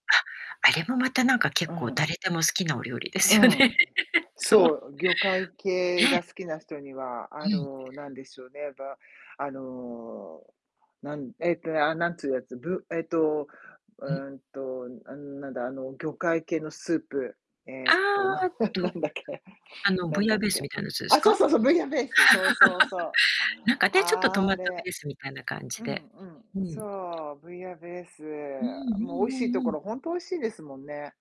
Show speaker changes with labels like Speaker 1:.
Speaker 1: あ、あれもまたなんか結
Speaker 2: う
Speaker 1: 構
Speaker 2: ん。
Speaker 1: 誰でも好きなお料理で
Speaker 2: う
Speaker 1: すよね。
Speaker 2: ん、
Speaker 1: そ
Speaker 2: そ
Speaker 1: う。
Speaker 2: う。魚介系
Speaker 1: ええ。
Speaker 2: が好きな人には、
Speaker 1: う
Speaker 2: あ
Speaker 1: ん。
Speaker 2: の、なんでしょうね、ば、あの、なんええとね、ああ、なんつうやつ、ぶええと、
Speaker 1: うん。
Speaker 2: うんと、あん、なんだ、あの、魚介系のスープ、え
Speaker 1: あ
Speaker 2: えと、な
Speaker 1: あ、
Speaker 2: んなん
Speaker 1: と
Speaker 2: なんだっけ
Speaker 1: あの、
Speaker 2: な
Speaker 1: ブイ
Speaker 2: ん
Speaker 1: ヤ
Speaker 2: だ
Speaker 1: ー
Speaker 2: っ
Speaker 1: ベースみ
Speaker 2: け。
Speaker 1: たいなやつです
Speaker 2: あ、そう
Speaker 1: か？
Speaker 2: そうそう、ブイヤンベースだ。そうそうそう。
Speaker 1: なんかあて、ちょっとトマ
Speaker 2: あ
Speaker 1: ト
Speaker 2: れ。
Speaker 1: ベースみたいな感じ
Speaker 2: うん
Speaker 1: で
Speaker 2: うん、う
Speaker 1: うん。
Speaker 2: そう。ブイヤベース。
Speaker 1: うんう
Speaker 2: もう美味
Speaker 1: ん
Speaker 2: しいと
Speaker 1: うんう
Speaker 2: こ
Speaker 1: ん。
Speaker 2: ろほんと美味しいですもんね。